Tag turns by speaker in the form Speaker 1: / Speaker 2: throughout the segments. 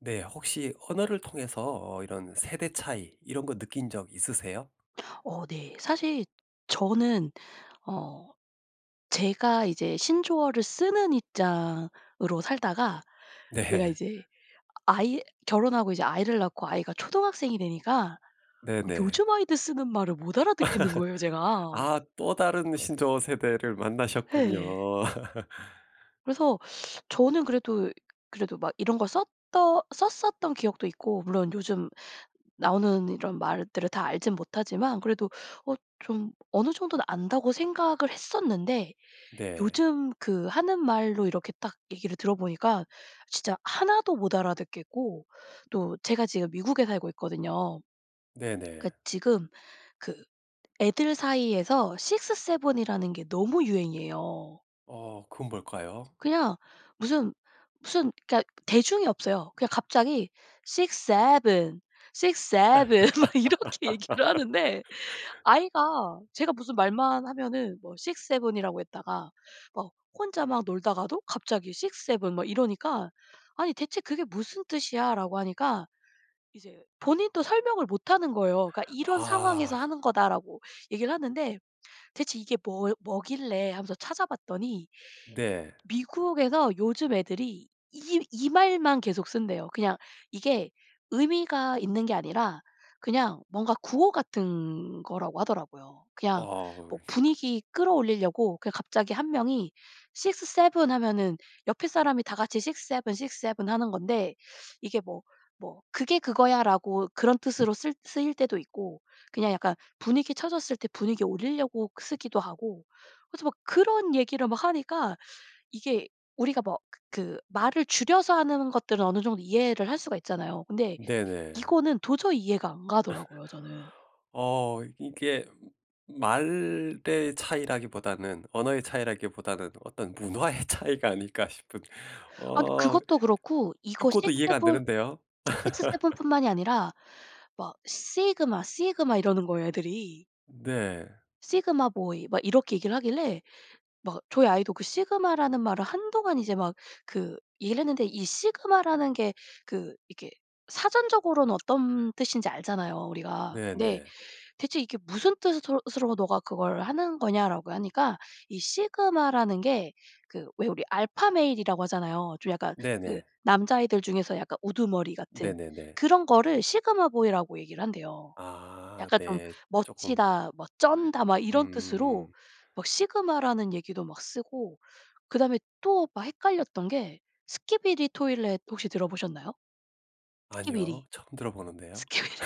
Speaker 1: 네. 혹시 언어를 통해서 어 이런 세대 차이 이런 거 느낀 적 있으세요?
Speaker 2: 어 네. 사실 저는 어 제가 이제 신조어를 쓰는 입장으로 살다가 내가
Speaker 1: 네.
Speaker 2: 이제 아이 결혼 하고 이제 아이를 낳고 아이가 초등학생이 되니까
Speaker 1: 네네.
Speaker 2: 요즘 아이들 쓰는 말을 못 알아듣겠는 거예요 제가.
Speaker 1: 아 또 다른 신조어 세대를 만나셨군요.
Speaker 2: 예. 그래서 저는 그래도 그래도 막 이런 걸 썼던 썼었던 기억도 있고 물론 요즘 나오는 이런 말들을 다 알지는 못하지만 그래도 어 좀 어느 정도는 안다고 생각을 했었는데
Speaker 1: 네.
Speaker 2: 요즘 그 하는 말로 이렇게 딱 얘기를 들어보니까 진짜 하나도 못 알아듣겠고 또 제가 지금 미국에 살고 있거든요. 그
Speaker 1: 네네.
Speaker 2: 지금 그 애들 사이에서 6-7 이라는 게 너무 유행이에요.
Speaker 1: 어 그건 뭘까요?
Speaker 2: 그냥 무슨 무슨 그러니까 대중이 없어요. 그냥 갑자기 6-7, 6-7 막 이렇게 얘기를 하는데 아이가 제가 무슨 말만 하면은 뭐 6-7 이라고 했다가 막 혼자 막 놀다가도 갑자기 6-7 막 이러니까 "아니 대체 그게 무슨 뜻이야?"라고 하니까 이제 본인도 설명을 못하는 거예요. 그러니까 "이런 상황에서
Speaker 1: 아.
Speaker 2: 하는 거다."라고 얘기를 하는데 "대체 이게 뭐 뭐길래." 하면서 찾아봤더니
Speaker 1: 네.
Speaker 2: 미국에서 요즘 애들이 이 이 말만 계속 쓴대요. 그냥 이게 의미가 있는 게 아니라 그냥 뭔가 구호 같은 거라고 하더라고요. 그냥
Speaker 1: 아.
Speaker 2: 뭐 분위기 끌어올리려고 그냥 갑자기 1 명이 6-7 하면은 옆에 사람이 다 같이 6-7, 6-7 하는 건데 이게 뭐 뭐 "그게 그거야."라고 그런 뜻으로 쓸 쓰일 때도 있고 그냥 약간 분위기 처졌을 때 분위기 올리려고 쓰기도 하고 그래서 막 그런 얘기를 막 하니까 이게 우리가 뭐 그 그 말을 줄여서 하는 것들은 어느 정도 이해를 할 수가 있잖아요. 근데
Speaker 1: 네네.
Speaker 2: 이거는 도저히 이해가 안 가더라고요 저는.
Speaker 1: 어 이게 말의 차이라기보다는 언어의 차이라기보다는 '어떤 문화의 차이가 아닐까?' 싶은
Speaker 2: 아
Speaker 1: 어
Speaker 2: 그것도 그렇고 이거 six
Speaker 1: 듣고도 이해가 안
Speaker 2: seven,
Speaker 1: 되는데요.
Speaker 2: 6-7 뿐만이 아니라 막 "sigma sigma." 이러는 거예요 애들이.
Speaker 1: 네.
Speaker 2: "sigma boy." 막 이렇게 얘기를 하길래 막 저희 아이도 그 sigma 라는 말을 한동안 이제 막 그 얘기를 했는데 이 sigma 라는 게 그 이렇게 사전적으로는 어떤 뜻인지 알잖아요 우리가. "근데
Speaker 1: 네네.
Speaker 2: 대체 이게 무슨 뜻으로 으로 너가 그걸 하는 거냐?"라고 하니까 이 sigma 라는 게 그 왜 우리 alpha male 이라고 하잖아요. 좀 약간 그
Speaker 1: 네네.
Speaker 2: 남자애들 중에서 약간 우두머리 같은
Speaker 1: 네네네.
Speaker 2: 그런 거를 sigma boy 라고 얘기를 한대요.
Speaker 1: 아
Speaker 2: 약간 좀
Speaker 1: 네. 쪼금.
Speaker 2: 멋지다, 뭐 쩐다 막 이런 뜻으로
Speaker 1: 음.
Speaker 2: 막 sigma 라는 얘기도 막 쓰고 그다음에 또 막 헷갈렸던 게 Skibidi Toilet 혹시 들어보셨나요? Skibidi
Speaker 1: 아니요. 처음 들어보는데요.
Speaker 2: Skibidi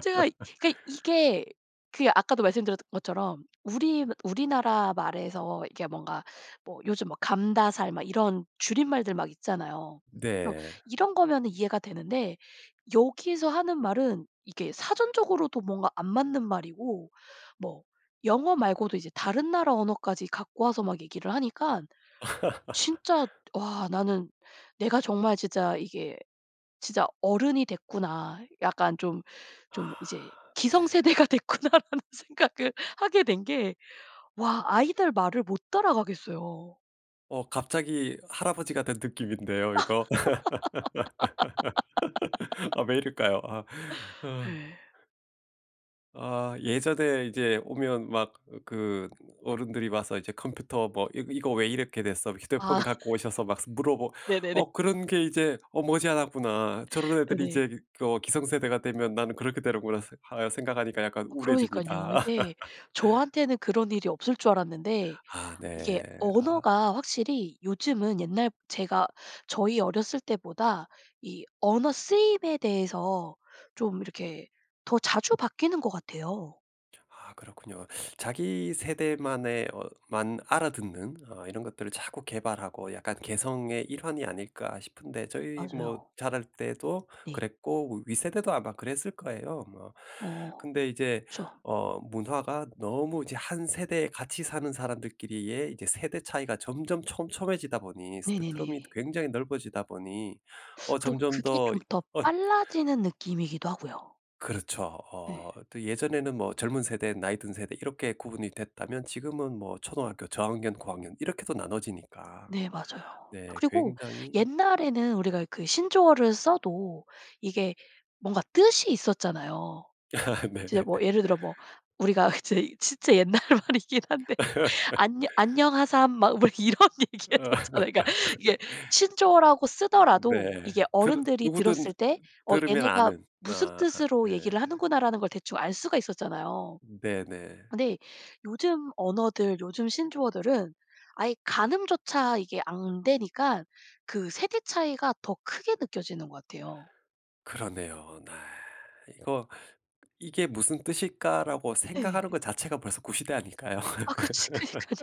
Speaker 2: 제가 그러니까 이게 그 아까도 말씀드렸던 것처럼 우리 우리나라 말에서 이게 뭔가 뭐 요즘 막 감다살 막 이런 줄임말들 막 있잖아요. 그래서
Speaker 1: 네.
Speaker 2: 이런 거면 이해가 되는데 여기서 하는 말은 이게 사전적으로도 뭔가 안 맞는 말이고 뭐 영어 말고도 이제 다른 나라 언어까지 갖고 와서 막 얘기를 하니깐 진짜 와 나는 내가 정말 진짜 '이게 진짜 어른이 됐구나.' 약간 좀
Speaker 1: 아
Speaker 2: 좀 '이제
Speaker 1: 네.
Speaker 2: 기성세대가 됐구나.' 라는 생각을 하게 된 게 와 아이들 말을 못 따라가겠어요.
Speaker 1: 어 갑자기 할아버지가 된 느낌인데요 이거. 아 왜 이럴까요 아. 아.
Speaker 2: 예.
Speaker 1: 아 예전에 이제 오면 막 그 어른들이 와서 이제 "컴퓨터 뭐 이 이거 왜 이렇게 됐어?"
Speaker 2: 아.
Speaker 1: 휴대폰 갖고 오셔서 막 스 물어보
Speaker 2: 네네네.
Speaker 1: 어 '그런 게 이제 어 머지않았구나. 저런 애들이
Speaker 2: 네네.
Speaker 1: 이제 그 어 기성세대가 되면 나는 그렇게 되는구나.' 새 아 생각하니까 약간
Speaker 2: 어 그러니깐요.
Speaker 1: 우울해집니다.
Speaker 2: 이게 저한테는 그런 일이 없을 줄 알았는데
Speaker 1: 아
Speaker 2: 이게
Speaker 1: 네. 아.
Speaker 2: 언어가 확실히 요즘은 옛날 제가 저희 어렸을 때보다 이 언어 쓰임에 대해서 좀 이렇게 더 자주 바뀌는 것 같아요.
Speaker 1: 아 그렇군요. 자기 세대만의 어 만 알아듣는 어 이런 것들을 자꾸 개발하고 약간 '개성의 일환이 아닐까?' 싶은데 저희 뭐
Speaker 2: 맞아요.
Speaker 1: 자랄 때도
Speaker 2: 네.
Speaker 1: 그랬고 윗세대도 아마 그랬을 거예요 뭐.
Speaker 2: 어
Speaker 1: 근데 이제
Speaker 2: 그렇죠.
Speaker 1: 어 문화가 너무 이제 한 세대에 같이 사는 사람들끼리의 이제 세대 차이가 점점 촘촘해지다 보니
Speaker 2: 네네네.
Speaker 1: 스펙트럼이 굉장히 넓어지다 보니 어
Speaker 2: 그리고
Speaker 1: 점점
Speaker 2: 그게
Speaker 1: 더
Speaker 2: 좀
Speaker 1: 이
Speaker 2: 더
Speaker 1: 언
Speaker 2: 빨라지는 느낌이기도 하고요.
Speaker 1: 그렇죠. 어
Speaker 2: 네.
Speaker 1: 또 예전에는 뭐 젊은 세대, 나이 든 세대 이렇게 구분이 됐다면 지금은 뭐 초등학교 저학년, 고학년 이렇게도 나눠지니까.
Speaker 2: 네 맞아요. 아
Speaker 1: 네
Speaker 2: 그리고
Speaker 1: 굉장히
Speaker 2: 옛날에는 우리가 그 신조어를 써도 이게 뭔가 뜻이 있었잖아요.
Speaker 1: 네.
Speaker 2: 진짜 뭐 예를 들어 뭐 우리가 이제 진짜 옛날 말이긴 한데 "안녀 안녕하삼." 막 뭐 이런
Speaker 1: 어
Speaker 2: 얘기했었잖아요. 그니까 이게 신조어라고 쓰더라도
Speaker 1: 네.
Speaker 2: 이게
Speaker 1: 들으
Speaker 2: 어른들이
Speaker 1: 누구든 어
Speaker 2: 들었을 때 어
Speaker 1: 들으면
Speaker 2: '얘네가
Speaker 1: 아는
Speaker 2: 무슨
Speaker 1: 아
Speaker 2: 뜻으로
Speaker 1: 네.
Speaker 2: 얘기를 하는구나.'라는 걸 대충 알 수가 있었잖아요.
Speaker 1: 네네.
Speaker 2: 근데 요즘 언어들 요즘 신조어들은 아예 가늠조차 이게 안 되니까 그 세대 차이가 더 크게 느껴지는 것 같아요.
Speaker 1: 그러네요. 네. '이거 이게 무슨 뜻일까?'라고
Speaker 2: 예.
Speaker 1: 생각하는 거 자체가 벌써 구시대 아닐까요?
Speaker 2: 아 그치 그니깐요.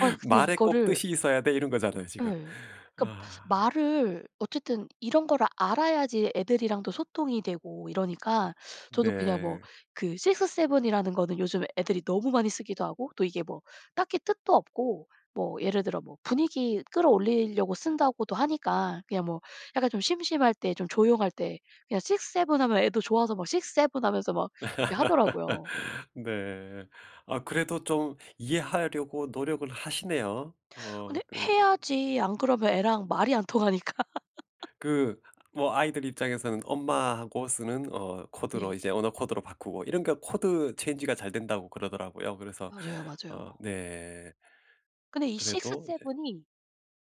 Speaker 2: 아 근데
Speaker 1: "말에 꼭
Speaker 2: 이거를
Speaker 1: 뜻이 있어야 돼?" 이런 거잖아요 지금.
Speaker 2: 예. 그러니까
Speaker 1: 아.
Speaker 2: 말을 어쨌든 이런 거를 알아야지 애들이랑도 소통이 되고 이러니까 저도 그냥 뭐
Speaker 1: 네.
Speaker 2: 그 6-7 이라는 거는 요즘 애들이 너무 많이 쓰기도 하고 또 이게 뭐 딱히 뜻도 없고 뭐 예를 들어 뭐 분위기 끌어올리려고 쓴다고도 하니까 그냥 뭐 약간 좀 심심할 때 좀 조용할 때 그냥 6-7 하면 애도 좋아서 막 6-7 하면서 막 이렇게 하더라고요.
Speaker 1: 네. 아 그래도 좀 이해하려고 노력을 하시네요. 어
Speaker 2: 근데
Speaker 1: 그
Speaker 2: 해야지 안 그러면 애랑 말이 안 통하니까.
Speaker 1: 그 뭐 아이들 입장에서는 엄마하고 쓰는 어 코드로
Speaker 2: 네.
Speaker 1: 이제 언어 코드로 바꾸고 이런 거 코드 체인지가 잘 된다고 그러더라고요. 그래서
Speaker 2: 맞아요. 맞아요.
Speaker 1: 어 네.
Speaker 2: 근데 이 six
Speaker 1: 그래도 이제
Speaker 2: seven 이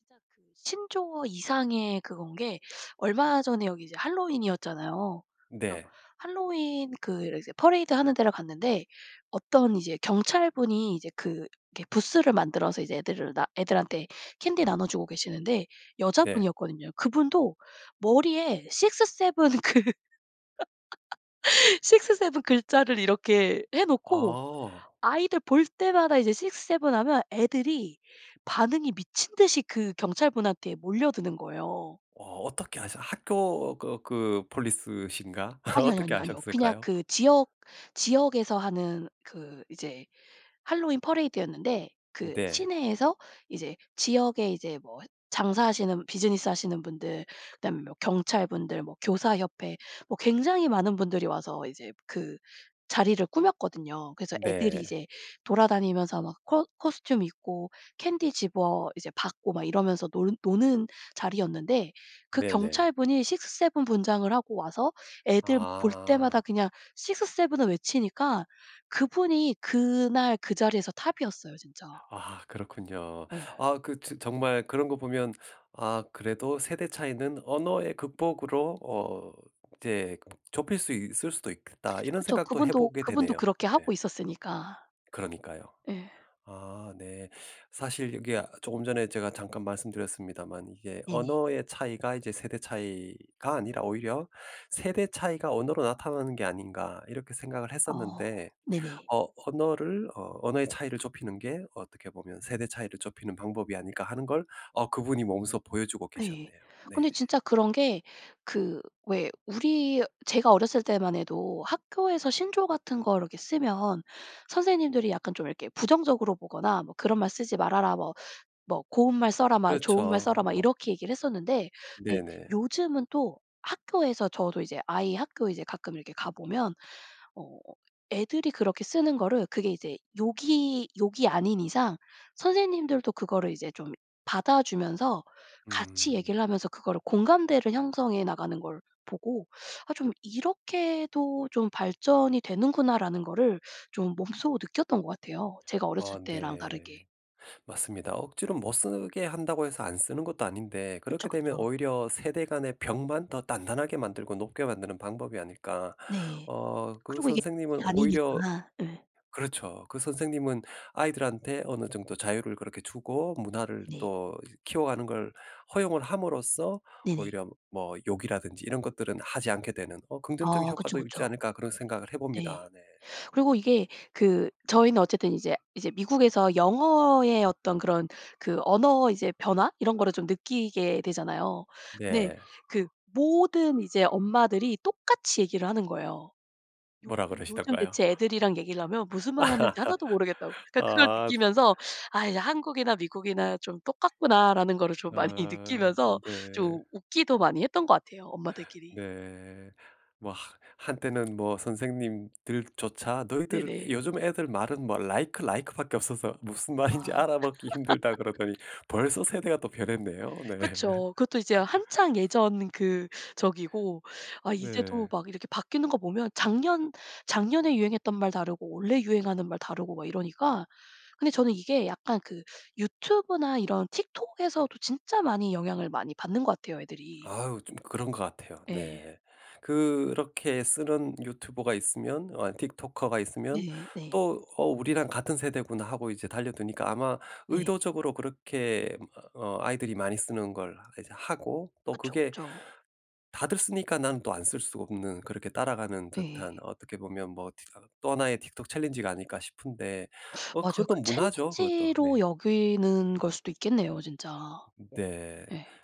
Speaker 2: 진짜 그 신조어 이상의 그건 게 얼마 전에 여기 이제 핼러윈이었잖아요. 그래서
Speaker 1: 네.
Speaker 2: 핼러윈 그 이제 퍼레이드 하는 데를 갔는데 어떤 이제 경찰분이 이제 그 이렇게 부스를 만들어서 이제 애들을 나 애들한테 캔디 나눠주고 계시는데
Speaker 1: 네.
Speaker 2: 여자분이었거든요. 그분도 머리에 6-7 그 6-7 글자를 이렇게 해놓고
Speaker 1: 아.
Speaker 2: 아이들 볼 때마다 이제 6-7 하면 애들이 반응이 미친 듯이 그 경찰분한테 몰려드는 거예요.
Speaker 1: 와 어떻게 하샤 학교 그 그 Police신가
Speaker 2: 아니요 아니요
Speaker 1: 어떻게
Speaker 2: 아니요 아니요. 그냥
Speaker 1: 아셨을까요?
Speaker 2: 그 지역 지역에서 하는 그 이제 핼러윈 퍼레이드였는데 그
Speaker 1: 네.
Speaker 2: 시내에서 이제 지역에 이제 뭐 했 장사하시는 비즈니스 하시는 분들 그다음에 뭐 경찰분들 뭐 교사 협회 뭐 굉장히 많은 분들이 와서 이제 그 자리를 꾸몄거든요. 그래서 애들이
Speaker 1: 네.
Speaker 2: 이제 돌아다니면서 막 코 코스튬 입고 캔디 집어 이제 받고 막 이러면서 논 노는 자리였는데 그
Speaker 1: 네네.
Speaker 2: 경찰분이 6-7 분장을 하고 와서 애들 볼 때마다
Speaker 1: 아.
Speaker 2: 그냥 6-7 을 외치니까 그분이 그날 그 자리에서 톱이었어요 진짜.
Speaker 1: 아 그렇군요.
Speaker 2: 예.
Speaker 1: 아 그 즈 정말 그런 거 보면 아 '그래도 세대 차이는 언어의 극복으로 어 이제 그 좁힐 수 있을 수도 있겠다.' 이런
Speaker 2: 그렇죠.
Speaker 1: 생각도
Speaker 2: 그분도
Speaker 1: 해보게
Speaker 2: 그분도
Speaker 1: 되네요.
Speaker 2: 그렇게
Speaker 1: 네.
Speaker 2: 하고 있었으니까.
Speaker 1: 그러니까요.
Speaker 2: 예.
Speaker 1: 아 네. 사실 이게 아 조금 전에 제가 잠깐 말씀드렸습니다만 이게
Speaker 2: 네네.
Speaker 1: '언어의 차이가 이제 세대 차이가 아니라 오히려 세대 차이가 언어로 나타나는 게 아닌가?' 이렇게 생각을
Speaker 2: 어
Speaker 1: 했었는데
Speaker 2: 네네.
Speaker 1: 어 언어를 어 '언어의 차이를 좁히는 게 어떻게 보면 세대 차이를 좁히는 방법이 아닐까?' 하는 걸 어 그분이 몸소 보여주고
Speaker 2: 네.
Speaker 1: 계셨네요. 네.
Speaker 2: 근데 진짜 그런 게 그 왜 우리 제가 어렸을 때만 해도 학교에서 신조어 같은 거를 이렇게 쓰면 선생님들이 약간 좀 이렇게 부정적으로 보거나 뭐 "그런 말 쓰지 말아라." 뭐, 뭐 "고운 말 써라." 막 "좋은 말 써라."
Speaker 1: 그렇죠.
Speaker 2: 막
Speaker 1: 뭐.
Speaker 2: 이렇게 얘기를 했었는데 근데
Speaker 1: 네네.
Speaker 2: 요즘은 또 학교에서 저도 이제 아이 학교에 이제 가끔 이렇게 가보면 어 애들이 그렇게 쓰는 거를 그게 이제 욕이 욕이 아닌 이상 선생님들도 그거를 이제 좀 받아주면서 같이
Speaker 1: 음.
Speaker 2: 얘기를 하면서 그거를 공감대를 형성해 나가는 걸 보고 아 좀 '이렇게도 좀 발전이 되는구나.'라는 거를 좀 몸소 느꼈던 것 같아요, 제가
Speaker 1: 어
Speaker 2: 어렸을 때랑
Speaker 1: 네.
Speaker 2: 다르게.
Speaker 1: 맞습니다. 억지로 못 쓰게 한다고 해서 안 쓰는 것도 아닌데
Speaker 2: 그쵸
Speaker 1: 그렇게 되면
Speaker 2: 그쵸.
Speaker 1: '오히려 세대 간의 벽만 더 단단하게 만들고 높게 만드는 방법이 아닐까.'
Speaker 2: 네.
Speaker 1: 어 그
Speaker 2: 그리고 이게
Speaker 1: 선생님은
Speaker 2: 이
Speaker 1: 오히려
Speaker 2: 아니니까 예.
Speaker 1: 그렇죠. 그 선생님은 아이들한테 어느 정도 자유를 그렇게 주고 문화를
Speaker 2: 네.
Speaker 1: 또 키워가는 걸 허용을 함으로써
Speaker 2: 네네.
Speaker 1: 오히려 뭐 욕이라든지 이런 것들은 하지 않게 되는 어 '긍정적인
Speaker 2: 아 그쵸
Speaker 1: 효과도 있지
Speaker 2: 그쵸.
Speaker 1: 않을까?' 그런 생각을
Speaker 2: 네.
Speaker 1: 해봅니다. 네.
Speaker 2: 그리고 이게 그 저희는 어쨌든 이제 이제 미국에서 영어의 어떤 그런 그 언어 이제 변화 이런 거를 좀 느끼게 되잖아요. 네.
Speaker 1: 네.
Speaker 2: 그 모든 이제 엄마들이 똑같이 얘기를 하는 거예요. 요즘
Speaker 1: 뭐라
Speaker 2: 요즘
Speaker 1: 그러시던가요?
Speaker 2: 대체 애들이랑 얘기를 하면 무슨 말 하는지 하나도 모르겠다고. 그러니까 그걸
Speaker 1: 아 즛
Speaker 2: 느끼면서 아이 '한국이나 미국이나 좀 똑같구나.'라는 거를 좀 많이
Speaker 1: 아
Speaker 2: 느끼면서
Speaker 1: 네.
Speaker 2: 좀 웃기도 많이 했던 것 같아요 엄마들끼리.
Speaker 1: 네. 뭐 하 한때는 뭐 선생님들조차 "너희들
Speaker 2: 네네.
Speaker 1: 요즘 애들 말은 뭐 라이크 라이크밖에 없어서 무슨 말인지
Speaker 2: 아.
Speaker 1: 알아먹기 힘들다." 그러더니 벌써 세대가 또 변했네요 네.
Speaker 2: 그쵸. 그것도 이제 한창 예전 그 저기고 아 이제도
Speaker 1: 네.
Speaker 2: 막 이렇게 바뀌는 거 보면 작년 작년에 유행했던 말 다르고 올해 유행하는 말 다르고 막 이러니까. 근데 저는 이게 약간 그 유튜브나 이런 틱톡에서도 진짜 많이 영향을 많이 받는 것 같아요 애들이.
Speaker 1: 아유 좀 그런 것 같아요.
Speaker 2: 예.
Speaker 1: 네. 그렇게 쓰는 유튜버가 있으면 어 틱토커가 있으면
Speaker 2: 네. 네.
Speaker 1: 또 "어 우리랑 같은 세대구나." 하고 이제 달려드니까 아마
Speaker 2: 네.
Speaker 1: 의도적으로 그렇게 뭐 어 아이들이 많이 쓰는 걸 이제 하고 또
Speaker 2: 그쵸
Speaker 1: 그게
Speaker 2: 그쵸.
Speaker 1: 다들 쓰니까 난 또 안 쓸 수가 없는 그렇게 따라가는
Speaker 2: 네.
Speaker 1: 듯한 어떻게 보면 뭐 티 어 또 하나의 틱톡 챌린지가 아닐까 싶은데 어
Speaker 2: 맞아요.
Speaker 1: 그것도
Speaker 2: 그
Speaker 1: 문화죠. 그것도.
Speaker 2: 챌린지로
Speaker 1: 네.
Speaker 2: 여기는 걸 수도 있겠네요 진짜.
Speaker 1: 네.
Speaker 2: 예.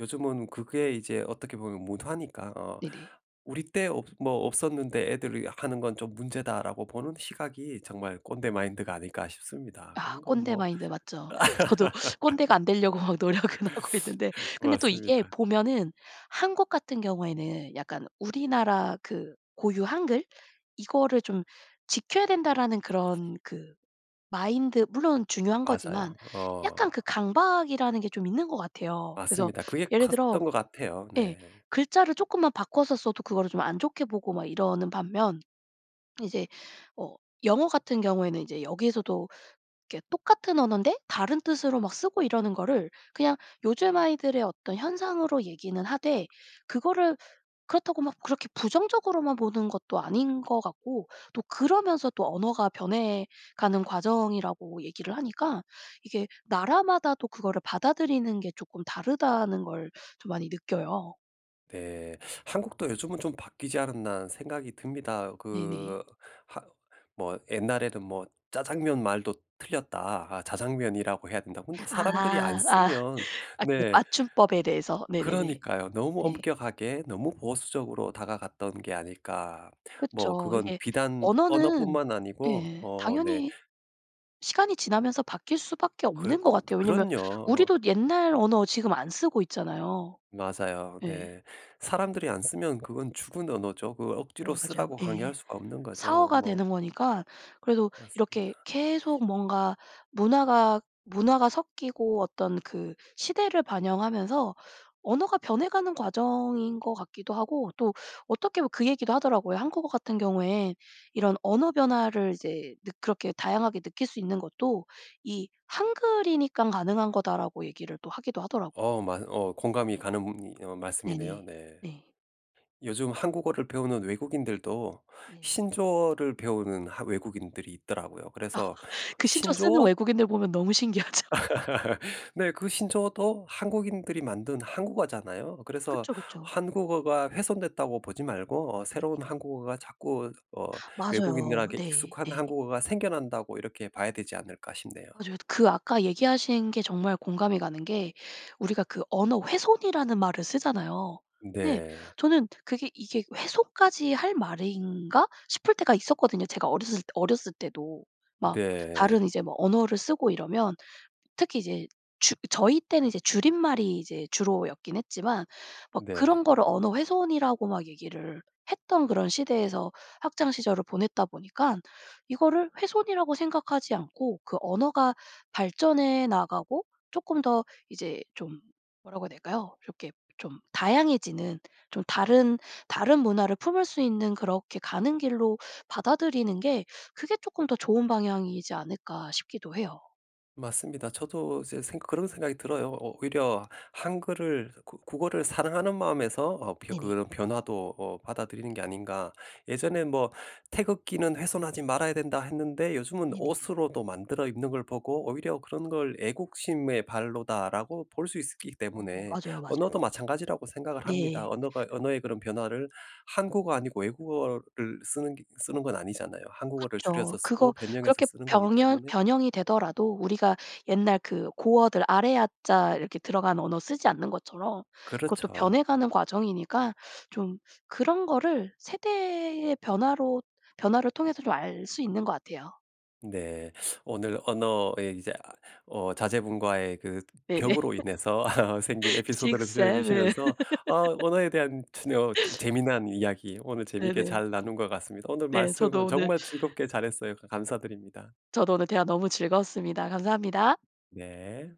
Speaker 1: 요즘은 그게 이제 어떻게 보면 문화니까 어
Speaker 2: 네네.
Speaker 1: '우리 때 없 뭐 없었는데 애들이 하는 건 좀 문제다.'라고 보는 시각이 정말 꼰대 마인드가 아닐까 싶습니다.
Speaker 2: 아
Speaker 1: 그런 건
Speaker 2: 꼰대
Speaker 1: 뭐
Speaker 2: 마인드가 맞죠. 저도 꼰대가 안 되려고 노력은 하고 있는데 근데 또 이게
Speaker 1: 맞습니다.
Speaker 2: 보면은 한국 같은 경우에는 약간 우리나라 그 고유 한글 이거를 좀 "지켜야 된다."라는 그런 그 마인드 물론 중요한 거지만
Speaker 1: 맞아요.
Speaker 2: 약간
Speaker 1: 어.
Speaker 2: 그 강박이라는 게 좀 있는 것 같아요. 그래서
Speaker 1: 맞습니다. 그게
Speaker 2: 예를 들어
Speaker 1: 컸던 것 같아요.
Speaker 2: 예.
Speaker 1: 네.
Speaker 2: 글자를 쪼끔만 바꿔서 써도 그거를 좀 안 좋게 보고 막 이러는 반면 이제 어 영어 같은 경우에는 이제 여기서도 이렇게 똑같은 언어인데 다른 뜻으로 막 쓰고 이러는 거를 그냥 요즘 아이들의 어떤 현상으로 얘기는 하되 그거를 그렇다고 막 그렇게 부정적으로만 보는 것도 아닌 것 같고 또 그러면서 또 언어가 변해가는 과정이라고 얘기를 하니까 이게 나라마다도 그거를 받아들이는 게 쪼끔 다르다는 걸 좀 많이 느껴요.
Speaker 1: 네. '한국도 요즘은 좀 바뀌지 않았나?' 하는 생각이 듭니다.
Speaker 2: 네네.
Speaker 1: 그 하 뭐 옛날에는 뭐 "짜장면 말도 틀렸다. 자장면이라고 해야 된다."고 근데 사람들이 안
Speaker 2: 아아아
Speaker 1: 쓰면
Speaker 2: 아 그
Speaker 1: 네.
Speaker 2: 맞춤법에 대해서 네네네.
Speaker 1: 그러니까요. '너무
Speaker 2: 네.
Speaker 1: 엄격하게 너무 보수적으로 다가갔던 게 아닐까?' 뭐
Speaker 2: 그쵸.
Speaker 1: 그건
Speaker 2: 이게
Speaker 1: 비단
Speaker 2: 언어는
Speaker 1: 언어뿐만 아니고
Speaker 2: 예
Speaker 1: 어 네.
Speaker 2: 당연히 시간이 지나면서 바뀔 수밖에
Speaker 1: 그럼
Speaker 2: 없는 것 같아요. 왜냐하면
Speaker 1: 그럼요.
Speaker 2: 우리도 옛날 언어 지금 안 쓰고 있잖아요.
Speaker 1: 맞아요.
Speaker 2: 예.
Speaker 1: 네. 사람들이 안 쓰면 그건 죽은 언어죠. 그걸
Speaker 2: 여
Speaker 1: 억지로
Speaker 2: 맞아요.
Speaker 1: 쓰라고
Speaker 2: 예.
Speaker 1: 강요할 수가 없는 거죠.
Speaker 2: 사어가
Speaker 1: 뭐.
Speaker 2: 되는 거니까 그래도 이렇게
Speaker 1: 맞습니다.
Speaker 2: 계속 뭔가 문화가 문화가 섞이고 어떤 그 시대를 반영하면서 언어가 변해가는 과정인 것 같기도 하고 또 어떻게 보면 그 얘기도 하더라고요. 한국어 같은 경우에 이런 언어 변화를 이제 느 그렇게 다양하게 느낄 수 있는 것도 이 "한글이니깐 가능한 거다."라고 얘기를 하기도 하더라고요.
Speaker 1: 어 맞어 어 공감이
Speaker 2: 네.
Speaker 1: 가는 어
Speaker 2: 네네.
Speaker 1: 말씀이네요 네.
Speaker 2: 네.
Speaker 1: 요즘 한국어를 배우는 외국인들도
Speaker 2: 네.
Speaker 1: 신조어를 배우는 하 외국인들이 있더라고요.
Speaker 2: 아
Speaker 1: 그래서
Speaker 2: 그 신조어 쓰는
Speaker 1: 신조어
Speaker 2: 외국인들 보면 너무 신기하죠.
Speaker 1: 네. 그 신조어도 한국인들이 만든 한국어잖아요. 그래서
Speaker 2: 그쵸, 그쵸.
Speaker 1: 한국어가 훼손됐다고 보지 말고 어 새로운 한국어가 자꾸 어
Speaker 2: 맞아요.
Speaker 1: 외국인들에게
Speaker 2: 네
Speaker 1: 익숙한
Speaker 2: 네.
Speaker 1: 한국어가 생겨난다고 이렇게 봐야 되지 않을까 싶네요.
Speaker 2: 맞아요. 그 아까 얘기하신 게 정말 공감이 가는 게 우리가 그 언어 훼손이라는 말을 쓰잖아요. 근데
Speaker 1: 네.
Speaker 2: 저는 그게 '이게 훼손까지 할 말인가?' 싶을 때가 있었거든요. 제가 어렸을 때 어렸을 때도. 막
Speaker 1: 네.
Speaker 2: 다른 이제 뭐 언어를 쓰고 이러면 특히 이제 주 저희 때는 이제 줄임말이 이제 주로였긴 했지만 막
Speaker 1: 네.
Speaker 2: 그런 거를 언어 훼손이라고 막 얘기를 했던 그런 시대에서 학창시절을 보냈다 보니깐 이거를 훼손이라고 생각하지 않고 그 언어가 발전해 나가고 쪼끔 더 이제 좀 뭐라고 해야 될까요? 이렇게 좀 다양해지는 좀 다른 다른 문화를 품을 수 있는 그렇게 가는 길로 받아들이는 게 그게 조금 더 좋은 방향이지 않을까 싶기도 해요.
Speaker 1: 맞습니다. 저도 이제 생각 그런 생각이 들어요. 오 오히려 한글을 그 국어를 사랑하는 마음에서 어 벼
Speaker 2: 네네.
Speaker 1: 그런 변화도 뭐 받아들이는 게 아닌가. 예전에 뭐 "태극기는 훼손하지 말아야 된다." 했는데 요즘은
Speaker 2: 네네.
Speaker 1: 옷으로도 만들어 입는 걸 보고 오히려 그런 걸 '애국심의 발로다.'라고 볼 수 있기
Speaker 2: 어
Speaker 1: 때문에
Speaker 2: 맞아요 맞아요.
Speaker 1: 언어도 마찬가지라고 생각을 합니다.
Speaker 2: 네.
Speaker 1: 언어가 언어의 그런 변화를 한국어 아니고 외국어를 쓰는 게 쓰는 건 아니잖아요. 한국어를
Speaker 2: 그쵸.
Speaker 1: 줄여서
Speaker 2: 그거
Speaker 1: 쓰고 변형해서
Speaker 2: 그렇게
Speaker 1: 쓰는 거기
Speaker 2: 병현
Speaker 1: 때문에
Speaker 2: 변형이 되더라도 우리가 옛날 그 고어들 아래아 자 이렇게 들어간 언어를 쓰지 않는 것처럼 그것도
Speaker 1: 그렇죠.
Speaker 2: 변해 가는 과정이니까 좀 그런 거를 세대의 변화로 변화를 통해서 좀 알 수 있는 것 같아요.
Speaker 1: 네. 오늘 언어의 이제 아 어 자제분과의 그
Speaker 2: 네네.
Speaker 1: 벽으로 인해서 생긴
Speaker 2: six
Speaker 1: 에피소드를 들려
Speaker 2: seven
Speaker 1: 주시면서 아 언어에 대한 춘 어 재미난 이야기 오늘 재미있게
Speaker 2: 네네.
Speaker 1: 잘 나눈 것 같습니다. 오늘
Speaker 2: 네 저도
Speaker 1: 말씀을
Speaker 2: 오늘
Speaker 1: 정말 즐겁게 잘했어요. 가 감사드립니다.
Speaker 2: 저도 오늘 대화 너무 즐거웠습니다. 감사합니다.
Speaker 1: 네.